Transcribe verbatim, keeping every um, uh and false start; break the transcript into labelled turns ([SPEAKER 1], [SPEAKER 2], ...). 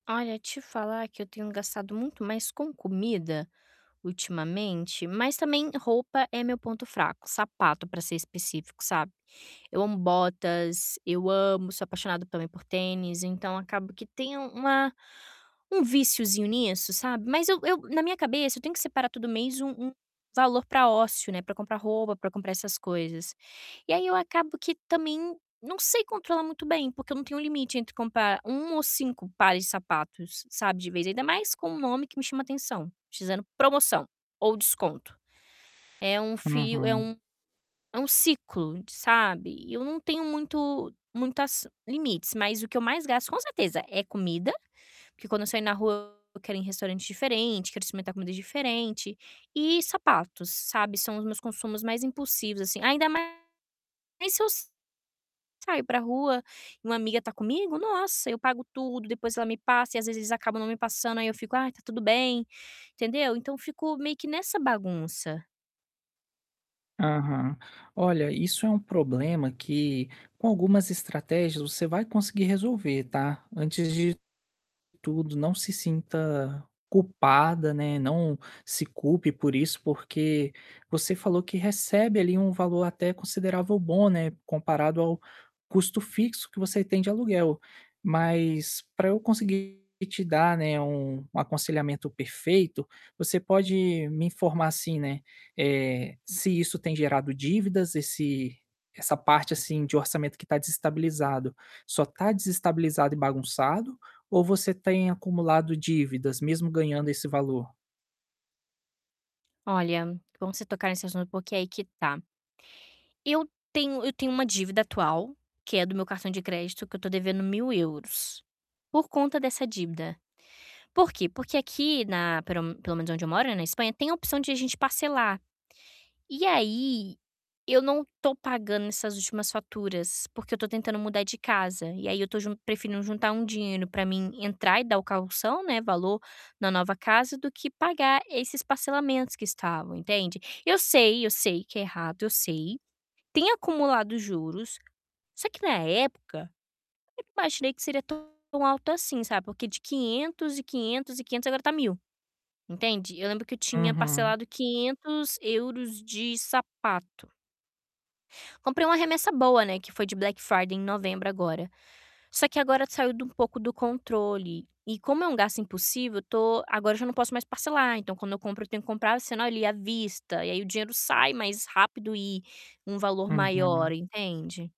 [SPEAKER 1] Olha, te falar que eu tenho gastado muito mais com comida, ultimamente, mas também roupa é meu ponto fraco. Sapato para ser específico, sabe. Eu amo botas, eu amo, sou apaixonada também por tênis, então acabo que tem um uma um víciozinho nisso, sabe. Mas eu eu na minha cabeça eu tenho que separar todo mês um um valor para ócio, né, para comprar roupa, para comprar essas coisas. E aí eu acabo que também não sei controlar muito bem, porque eu não tenho limite entre comprar um ou cinco pares de sapatos, sabe, de vez ainda mais com um nome que me chama atenção, [unintelligible] promoção, ou desconto. É um fio é
[SPEAKER 2] Uhum.
[SPEAKER 1] um é um ciclo de sabe, eu não tenho muito muitas limites mas o que eu mais gasto, com certeza, é comida, porque quando eu saio na rua eu quero ir em restaurante diferente, quero experimentar comida diferente e sapatos, sabe, são os meus consumos mais impulsivos assim, ainda mais se eu saio para rua e uma amiga tá comigo, nossa, eu pago tudo, depois ela me passa e às vezes eles acabam não me passando, aí eu fico: "Ai está tudo bem!", entendeu. Então fico meio que nessa bagunça.
[SPEAKER 2] Aham. Olha, isso é um problema que, com algumas estratégias você vai conseguir resolver, tá. Antes de tudo não se sinta culpada, né, não se culpe por isso porque, você falou que recebe ali um valor até considerável bom, né, comparado ao custo fixo que você tem de aluguel. Mas, para eu conseguir te dar, né, um um aconselhamento perfeito, você pode me informar assim, né, eh, se isso tem gerado dívidas, esse essa parte assim de orçamento que tá desestabilizado, só tá desestabilizado e bagunçado, ou você tem acumulado dívidas, mesmo ganhando esse valor?
[SPEAKER 1] Olha, bom você tocar nesse assunto, porque aí que tá. Eu tenho eu tenho uma dívida atual, que é do meu cartão de crédito que eu estou devendo mil euros, por conta dessa dívida. Por quê? Porque aqui na, pero pelo menos onde eu moro, né, na Espanha tem a opção de a gente parcelar. E aí, eu não tô pagando essas últimas faturas, porque eu estou tentando mudar de casa, e aí eu estou jun preferindo juntar um dinheiro para mim entrar e dar o caução, né, valor na nova casa, do que pagar esses parcelamentos que estavam, entende. Eu sei, eu sei que é errado, eu sei, tem acumulado juros, só que na época, eu imaginei que seria tão alto assim, sabe, porque de quinhentos e quinhentos e quinhentos agora está mil, entende. Eu lembro que eu tinha
[SPEAKER 2] Uhum.
[SPEAKER 1] parcelado quinhetos euros de sapato. Comprei uma remessa boa, né, que foi de Black Friday em novembro agora. Só que agora saiu de um pouco do controle, e como é um gasto impulsivo, eu tô agora já não posso mais parcelar, então quando eu compro eu tenho que comprar, sendo ali à vista e aí o dinheiro sai mais rápido e um valor maior,
[SPEAKER 2] Uhum.
[SPEAKER 1] entende.